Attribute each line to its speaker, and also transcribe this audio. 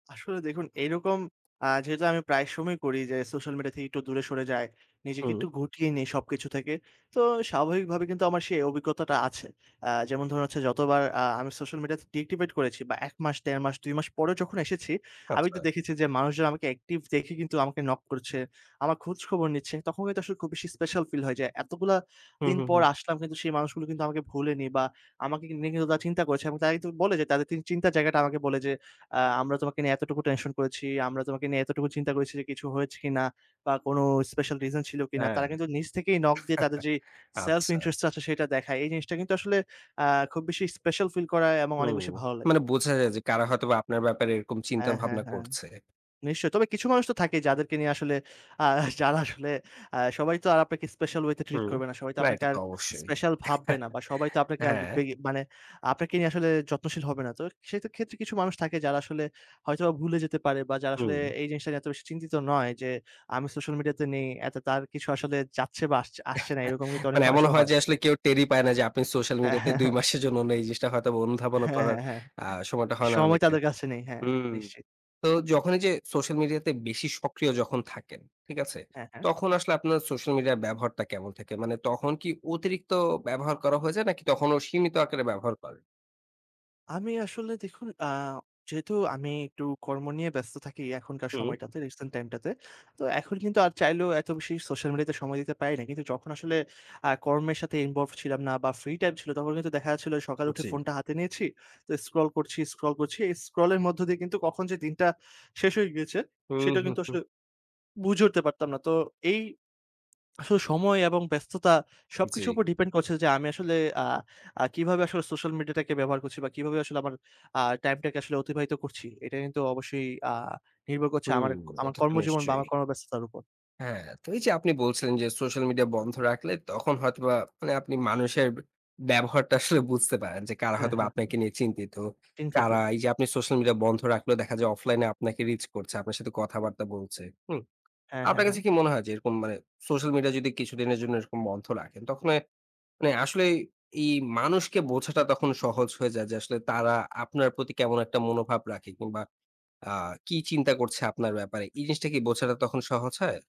Speaker 1: আসলে দেখুন এইরকম আ যেহেতু আমি প্রায় সময়ই করি যে, সোশ্যাল মিডিয়া থেকে একটু দূরে সরে যাই। নিজেকে
Speaker 2: হুম।
Speaker 1: একটু গুটিয়ে নেই সবকিছু থেকে। তো স্বাভাবিকভাবে কিন্তু আমার সেই অভিজ্ঞতাটা আছে। আ যেমন ধরুন, যতবার আ আমি সোশ্যাল মিডিয়া ডিএক্টিভেট করেছি বা ১ মাস, দেড় মাস, ২ মাস পরে যখন এসেছি, আমি তো
Speaker 2: আচ্ছা।
Speaker 1: দেখেছি যে, মানুষজন আমাকে অ্যাকটিভ দেখে আমাকে নক করছে। আমার খোঁজ খবর নিচ্ছে, তখন কিন্তু আসলে খুব বেশি স্পেশাল ফিল হয়। এতগুলো
Speaker 2: হুম,
Speaker 1: দিন
Speaker 2: হুম,
Speaker 1: পর
Speaker 2: হুম।
Speaker 1: আসলাম কিন্তু সেই মানুষগুলো কিন্তু আমাকে ভুলেনি বা আমাকে নিয়ে কিন্তু তারা চিন্তা করেছে। তারা বলে যে, তাদের চিন্তার জায়গাটা আমাকে বলে যে, আ "আমরা তোমাকে নিয়ে এতটুকু টেনশন করেছি, আমরা তোমাকে নিয়ে এতটুকু চিন্তা করেছি যে, কিছু হয়েছে কিনা বা কোন স্পেশাল রিজন ছিল কিনা!"
Speaker 2: হ্যাঁ।
Speaker 1: তারা কিন্তু নিজ থেকেই নক দিয়ে তাদের যে, সেলফ
Speaker 2: আচ্ছা।
Speaker 1: ইন্টারেস্ট টা আছে সেটা দেখায়। এই জিনিসটা কিন্তু আসলে আ খুব বেশি স্পেশাল ফিল করা এবং অনেক
Speaker 2: হুম,
Speaker 1: বেশি ভালো লাগে।
Speaker 2: মানে বোঝা যায় যে, কারা হয়তোবা আপনার ব্যাপারে এরকম চিন্তা
Speaker 1: হ্যাঁ, হ্যাঁ,
Speaker 2: ভাবনা
Speaker 1: হ্যাঁ।
Speaker 2: করছে।
Speaker 1: নিশ্চয়ই। তবে কিছু মানুষ তো থাকেই, যাদেরকে নিয়ে আসলে আ যারা আসলে আ সবাই তো আর আপনাকে স্পেশাল ওয়ে তে ট্রিট
Speaker 2: হুম,
Speaker 1: করবে না। সবাই তো
Speaker 2: না এটা
Speaker 1: আর
Speaker 2: তো অবশ্যই।
Speaker 1: স্পেশাল ভাববে না। সবাই তো আপনাকে
Speaker 2: হ্যাঁ।
Speaker 1: মানে [unintelligible] আপনাকে নিয়ে আসলে যত্নশীল হবে না, তো সেই ক্ষেত্রে কিছু মানুষ থাকে, যারা আসলে হয়তো ভুলে যেতে পারে, বা যারা আসলে
Speaker 2: হুম।
Speaker 1: এই জিনিসটা নিয়ে এত বেশি চিন্তিত নয়, যে, আমি সোশ্যাল মিডিয়া তে নেই, তার কিছু আসলে যাচ্ছে বা আসছে, আসছে না, এরকম কিন্তু অনেক
Speaker 2: মানে এমনও
Speaker 1: মানুষও
Speaker 2: হয়
Speaker 1: হয়।
Speaker 2: যে, আসলে কেউ টেরই পায় না যে, আপনি সোশ্যাল
Speaker 1: আ
Speaker 2: মিডিয়াতে
Speaker 1: হ্যাঁ,
Speaker 2: ২
Speaker 1: হ্যাঁ।
Speaker 2: মাসের জন্য নেই। এই জিনিসটা হয়তো অনুধাবনও
Speaker 1: হ্যাঁ,
Speaker 2: করার
Speaker 1: হ্যাঁ, হ্যাঁ,
Speaker 2: আ সময়টা হয় না
Speaker 1: সময়
Speaker 2: অনেকের।
Speaker 1: তাদের কাছে নেই। হ্যাঁ,
Speaker 2: হুম।
Speaker 1: নিশ্চয়।
Speaker 2: তো যখন এই যে, সোশ্যাল মিডিয়াতে বেশি সক্রিয় যখন থাকেন, ঠিক আছে?
Speaker 1: হ্যাঁ, হ্যাঁ।
Speaker 2: তখন আসলে আপনার সোশ্যাল মিডিয়া ব্যবহারটা কেমন থাকে? মানে তখন কি অতিরিক্ত ব্যবহার করা যায়, নাকি তখনও সীমিত আকারে ব্যবহার করেন?
Speaker 1: আমি আসলে দেখুন আ যেহেতু আমি একটু কর্ম নিয়ে ব্যস্ত থাকি, এখনকার
Speaker 2: হুম।
Speaker 1: সময়টাতে রিসেন্ট টাইম টাতে। তো এখন কিন্তু আর চাইলেও এত বেশি সোশ্যাল মিডিয়াতে সময় দিতে পারি না। কিন্তু যখন আসলে আ কর্মের সাথে ইনভলভড ছিলাম না বা ফ্রি টাইম ছিল, তখন কিন্তু দেখা যাচ্ছিল সকালে উঠে
Speaker 2: জি।
Speaker 1: ফোনটা হাতে নিয়েছি। তো স্ক্রল করছি, স্ক্রল করছি। এই স্ক্রল এর মধ্য দিয়ে কিন্তু কখন যে, দিনটা শেষ হয়ে গিয়েছে,
Speaker 2: হুম,
Speaker 1: সেটা
Speaker 2: হুম,
Speaker 1: কিন্তু
Speaker 2: হুম।
Speaker 1: আসলে বুঝে উঠতে পারতাম না। তো এই আসলে সময় এবং ব্যস্ততা
Speaker 2: জি।
Speaker 1: সবকিছুর উপর ডিপেন্ড করছে যে, আমি আসলে আ আ কিভাবে আসলে সোশ্যাল মিডিয়াটাকে ব্যবহার করছি বা কিভাবে আসলে আমার আ টাইমটাকে আসলে অতিবাহিত করছি। এটা কিন্তু অবশ্যই আ নির্ভর করছে
Speaker 2: হুম,
Speaker 1: আমার
Speaker 2: এটা তো
Speaker 1: কর্মজীবন বা
Speaker 2: নিশ্চয়ই।
Speaker 1: আমার কর্মব্যস্ততার উপর।
Speaker 2: হ্যাঁ, তো এই যে, আপনি বলছিলেন যে, সোশ্যাল মিডিয়া বন্ধ রাখলে, তখন হয়তোবা আপনি মানুষের ব্যবহারটা আসলে বুঝতে পারেন। যে, কারা
Speaker 1: হ্যাঁ,
Speaker 2: হয়তোবা
Speaker 1: হ্যাঁ।
Speaker 2: আপনাকে নিয়ে চিন্তিত।
Speaker 1: চিন্তিত।
Speaker 2: কারা এই যে, আপনি সোশ্যাল মিডিয়া বন্ধ রাখলেও দেখা যায়, অফলাইনে আপনাকে রিচ করছে, আপনার সাথে কথাবার্তা বলছে। হুম।
Speaker 1: হ্যাঁ, হ্যাঁ,
Speaker 2: আপনার কাছে
Speaker 1: হ্যাঁ।
Speaker 2: কি মনে হয় যে, এরকম মানে সোশ্যাল মিডিয়া যদি কিছুদিনের জন্য এরকম বন্ধ রাখেন, তখন আসলে এই মানুষকে বোঝাটা তখন সহজ হয়ে যায় যে, আসলে তারা আপনার প্রতি কেমন একটা মনোভাব রাখে, কিংবা আ কি চিন্তা করছে আপনার ব্যাপারে। এই জিনিসটা কি বোঝাটা তখন সহজ হয়?